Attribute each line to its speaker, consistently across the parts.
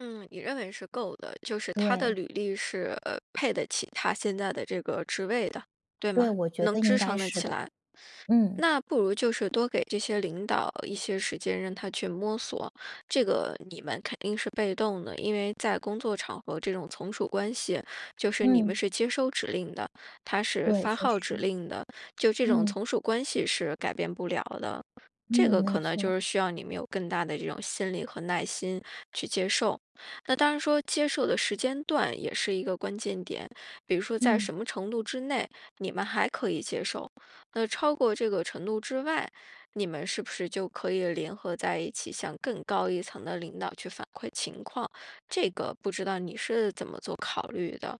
Speaker 1: 嗯，你认为是够的，就是他的
Speaker 2: 对。
Speaker 1: 履历是，呃，配得起他现在的这个职位的，对
Speaker 2: 对，
Speaker 1: 吗？
Speaker 2: 我觉
Speaker 1: 能
Speaker 2: 得应
Speaker 1: 支
Speaker 2: 该
Speaker 1: 撑得
Speaker 2: 是
Speaker 1: 起
Speaker 2: 的。
Speaker 1: 来。
Speaker 2: 嗯。
Speaker 1: 那不如就是多给这些领导一些时间，让他去摸索。这个你们肯定是被动的，因为在工作场合这种从属关系，就是你们
Speaker 2: 嗯。
Speaker 1: 是接收指令的，他是
Speaker 2: 对，
Speaker 1: 发
Speaker 2: 确实。
Speaker 1: 号指令的，就这种
Speaker 2: 嗯。
Speaker 1: 从属关系是改变不了的。这
Speaker 2: 嗯，
Speaker 1: 个
Speaker 2: 没
Speaker 1: 可能就
Speaker 2: 错。
Speaker 1: 是需要你们有更大的这种心理和耐心去接受。那当然说接受的时间段也是一个关键点，比如说，在
Speaker 2: 嗯。
Speaker 1: 什么程度之内，你们还可以接受；那超过这个程度之外，你们是不是就可以联合在一起，向更高一层的领导去反馈情况？这个不知道你是怎么做考虑的？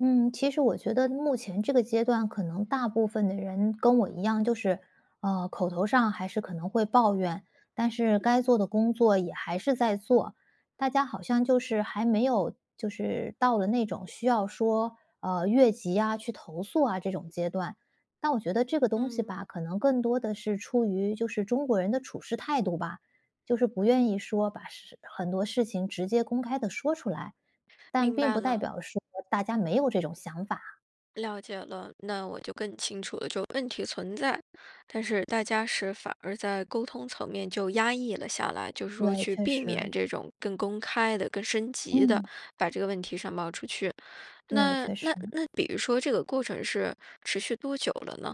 Speaker 2: 嗯，其实我觉得目前这个阶段可能大部分的人跟我一样，就是，呃，口头上还是可能会抱怨，但是该做的工作也还是在做。大家好像就是还没有，就是到了那种需要说，呃，越级啊去投诉啊这种阶段。但我觉得这个东西
Speaker 1: 嗯。
Speaker 2: 吧，可能更多的是出于就是中国人的处世态度吧？就是不愿意说把事很多事情直接公开地说出来，但
Speaker 1: 明
Speaker 2: 并
Speaker 1: 白
Speaker 2: 不代
Speaker 1: 了。
Speaker 2: 表说大家没有这种想法。
Speaker 1: 了解了，那我就更清楚了，就问题存在，但是大家是反而在沟通层面就压抑了下来，就是说
Speaker 2: 对，
Speaker 1: 去
Speaker 2: 确
Speaker 1: 避免
Speaker 2: 实。
Speaker 1: 这种更公开地、更升级地
Speaker 2: 嗯。
Speaker 1: 把这个问题上报出去，
Speaker 2: 对，
Speaker 1: 那
Speaker 2: 确
Speaker 1: 那
Speaker 2: 实。
Speaker 1: 那比如说这个过程是持续多久了呢？